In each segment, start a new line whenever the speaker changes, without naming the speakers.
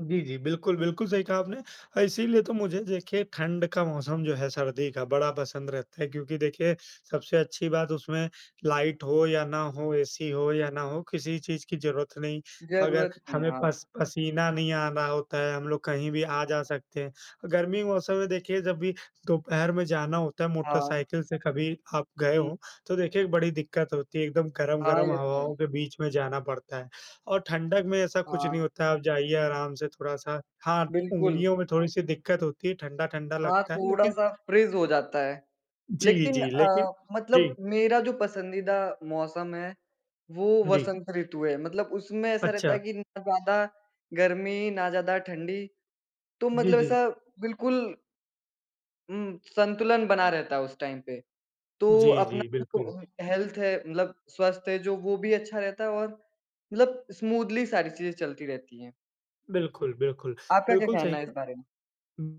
जी, जी, बिल्कुल, बिल्कुल सही कहा आपने। अ, इसीलिए तो मुझे देखिए ठंड का मौसम जो है, सर्दी का बड़ा पसंद रहता है क्योंकि देखिए, सबसे अच्छी बात उसमें लाइट हो या ना हो, एसी हो या ना हो, किसी चीज़ की ज़रूरत नहीं। अगर
ज़रूरत नहीं,
हमें
हाँ।
पस पसीना नहीं आना होता है, हम लोग कहीं भी आ जा सकते हैं। गर्मी मौसम में देखिए जब भी दोपहर में जाना होता है
हाँ।
मोटरसाइकिल से कभी आप गए
हुँ।
हो, तो देखिए बड़ी दिक्कत होती है, एकदम
हाँ,
गरम-गरम
ये तो है ही।
हवाओं के बीच में जाना पड़ता है। और ठंडक में ऐसा कुछ नहीं
हाँ।
होता है, आप जाइए आराम से थोड़ा-सा हाँ, त
बिल्कुल।
उंगलियों में थोड़ी-सी दिक्कत होती है, ठंडा-ठंडा
हाँ,
लगता है लेकिन
थोड़ा-सा फ्रीज़ हो जाता है।
जी,
लेकिन
जी, लेकिन
अ, मतलब
जी।
मेरा जो पसंदीदा मौसम है, वो
जी।
वसंत ऋतु है मतलब उसमें ऐसा रहता है
अच्छा।
कि ना ज़्यादा गर्मी, ना ज़्यादा ठंडी तो
जी,
मतलब
जी।
ऐसा बिल्कुल उम, संतुलन बना रहता है उस टाइम पे, तो
जी,
अपना
जी, बिल्कुल।
[unintelligible] हेल्थ है मतलब स्वस्थ है जो वो भी अच्छा रहता है और मतलब स्मूथली सारी चीज़ें चलती रहती हैं।
बिल्कुल, बिल्कुल।
आपका क्या
बिल्कुल
कहना
सही
है इस
कहा।
बारे में?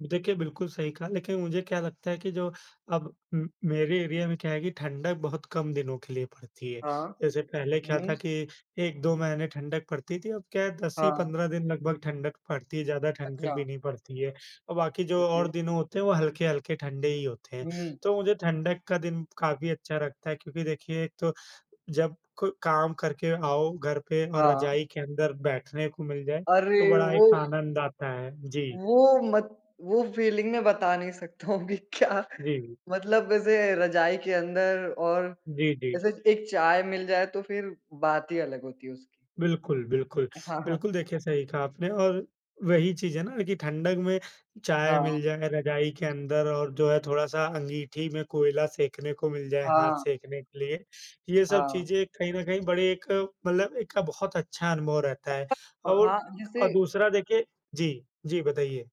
देखिए, बिल्कुल सही कहा लेकिन मुझे क्या लगता है कि जो अब उम, मेरे एरिया में क्या है कि ठंडक बहुत कम दिनों के लिए पड़ती है।
हाँ।
जैसे पहले क्या
हुँ।
था कि 1-2 महीने ठंडक पड़ती थी, अब क्या है 10 ही
हाँ।
15 दिन लगभग ठंडक पड़ती है, ज़्यादा ठंडक
अच्छा।
भी नहीं पड़ती है। अ, बाकी जो और
ओके।
दिन होते हैं वो हल्के-हल्के ठंडे ही होते हैं,
हुँ।
तो मुझे ठंडक का दिन काफ़ी अच्छा लगता है, क्योंकि देखिए एक तो जब को काम करके आओ घर पे और
हाँ।
रजाई के अंदर बैठने को मिल जाए, तो
अरे,
बड़ा
वो
एक आनंद आता है, जी।
वो मत वो फीलिंग मैं बता नहीं सकता हूँ कि क्या
जी।
मतलब ऐसे रजाई के अंदर और
जी, जी।
जैसे एक चाय मिल जाए तो फिर बात ही अलग होती है उसकी।
बिल्कुल, बिल्कुल।
हाँ, हाँ।
बिल्कुल देखिए, सही कहा आपने और वही चीज़ है ना कि ठंडक में चाय
हाँ।
मिल जाए रजाई के अंदर और जो है थोड़ा-सा अंगीठी में कोयला सेंकने को मिल जाए, हाथ
हाँ।
सेंकने के लिए, ये सब
हाँ।
चीज़ें कहीं न कहीं बड़े एक मतलब एक का बहुत अच्छा अनुभव रहता है।
अ,
और
हाँ,
अ,
जैसे
दूसरा देखिए जी, जी बताइए।